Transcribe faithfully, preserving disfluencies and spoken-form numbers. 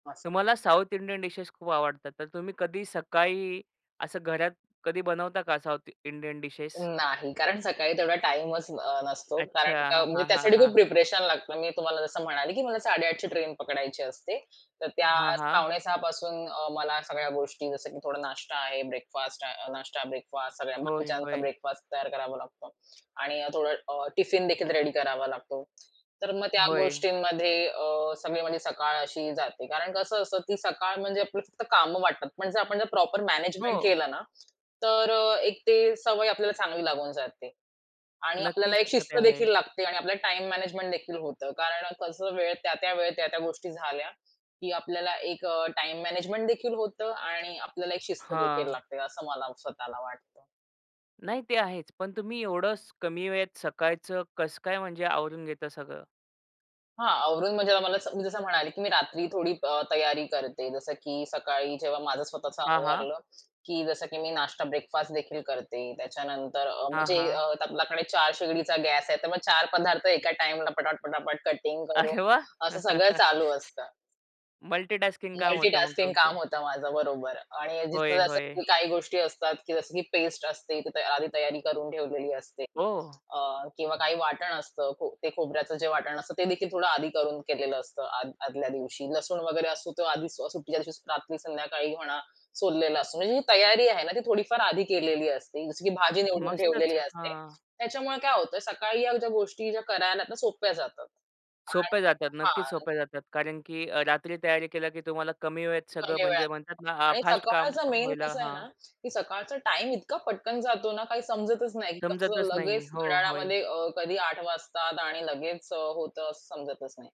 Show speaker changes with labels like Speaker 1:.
Speaker 1: असा.
Speaker 2: तुम्हाला south Indian dishes खूप आवडतात, तर तुम्ही कधी सकाळी असं घरात कधी बनवता का साउथ इंडियन डिशेस?
Speaker 1: नाही. कारण सकाळी तेवढा टाईमच अ, नसतो.
Speaker 2: अच्छा.
Speaker 1: कारण का म्हणजे
Speaker 2: हां, हां,
Speaker 1: त्यासाठी खूप
Speaker 2: हां.
Speaker 1: प्रिपरेशन लागतं. मी तुम्हाला जसं म्हणाले की मला साडे आठ ची ट्रेन पकडायची असते. तर त्या
Speaker 2: हां, हां.
Speaker 1: पावणे सहा पासून अ, मला सगळ्या गोष्टी जसं की थोडा नाश्ता आहे, ब्रेकफास्ट अ, नाष्टा, ब्रेकफास्ट सगळ्या
Speaker 2: होय,
Speaker 1: बाकीच्यांचा
Speaker 2: होय.
Speaker 1: ब्रेकफास्ट तयार करावा लागतो आणि अ, थोडा अ, टिफिनदेखील रेडी करावा लागतो. तर मग त्या
Speaker 2: होय.
Speaker 1: गोष्टींमध्ये अ, सगळी म्हणजे सकाळ अशी जाते कारण अ, कसं असतं, की सकाळ म्हणजे आपलं फक्त कामं वाटतात. पण जर आपण जर प्रॉपर मॅनेजमेंट
Speaker 2: हो.
Speaker 1: केलं ना, तर अ, एक ते सवय आपल्याला चांगली लागून जाते आणि आपल्याला
Speaker 2: नक्कीच
Speaker 1: एक
Speaker 2: तर ते आहे.
Speaker 1: शिस्तदेखील लागते आणि आपल्याला टाईम मॅनेजमेंट देखील होतं. कारण कसं वेळ त्या-त्या वेळ, त्या-त्या गोष्टी झाल्या, की आपल्याला एक अ, टाईम मॅनेजमेंट देखील होतं आणि आपल्याला एक शिस्त देखील
Speaker 2: हां.
Speaker 1: लागते, असं मला स्वतःला वाटतं.
Speaker 2: नाही ते आहेच, पण तुम्ही एवढंच कमी वेळेत सकाळचं कसं काय म्हणजे आवरून घेता सगळं?
Speaker 1: हां, आवरून म्हणजे आम्हाला स मी जसं म्हणाले, की मी रात्री थोडी अ, तयारी करते. जसं की सकाळी जेव्हा माझं स्वतःचं
Speaker 2: हां, हां.
Speaker 1: आवरलं, की जसं की मी नाश्ता ब्रेकफास्ट देखील करते. त्याच्यानंतर अ,
Speaker 2: हां,
Speaker 1: म्हणजे अ,
Speaker 2: हां.
Speaker 1: आपल्याकडे चार शेगडीचा गॅस आहे, तर मग चार पदार्थ एका टाईमला पटापट-पटापट कटिंग करून
Speaker 2: अरे वाह!
Speaker 1: असं सगळं चालू असतं.
Speaker 2: मल्टीटास्किंग काम होतं मग
Speaker 1: मल्टीटास्किंग काम
Speaker 2: तुमचं.
Speaker 1: होतं माझं, बरोबर आणि जिथ
Speaker 2: होय,
Speaker 1: जसं
Speaker 2: होय.
Speaker 1: काही गोष्टी असतात, जसं की पेस्ट असते, तर ते आधी तयारी करून ठेवलेली असते
Speaker 2: हो.
Speaker 1: अ, किंवा काही वाटण असतं, खो ते खोबऱ्याचं जे वाटण असतं, तेदेखील थोडं आधी करून केलेलं असतं. आद आदल्या दिवशी लसूण वगैरे असतो, तो आधी अ, सुट्टीच्या दिवशी रात्री संध्याकाळी म्हणा सोललेला असतो. म्हणजे ही तयारी आहे ना, ती थोडीफार आधी केलेली असते. जसं की भाजी निवडून
Speaker 2: मस्तच,
Speaker 1: ठेवलेली असते.
Speaker 2: हां.
Speaker 1: त्याच्यामुळे काय होतंय, सकाळी या ज्या गोष्टी ज्या करायला ना सोप्या जातात. काय
Speaker 2: सोप्या जातात, नक्कीच
Speaker 1: हां.
Speaker 2: सोप्या जातात कारण की अ, रात्री तयारी केल्या की तुम्हाला कमी वेळेत सगळं
Speaker 1: कमी वेळात
Speaker 2: म्हणजे म्हणतात ना, अ,
Speaker 1: आणि
Speaker 2: फास्ट काम
Speaker 1: सकाळचं मेन
Speaker 2: होईल
Speaker 1: कसं आहे
Speaker 2: हां.
Speaker 1: ना, की सकाळचा टाईम इतका पटकन जातो ना, काही समजतच नाही. कसं
Speaker 2: समजतच नाही.
Speaker 1: लगेच
Speaker 2: हो, होय.
Speaker 1: घड्याळामध्ये अ, कधी आठ वाजतात आणि लगेच अ, होतं असं समजतच नाही.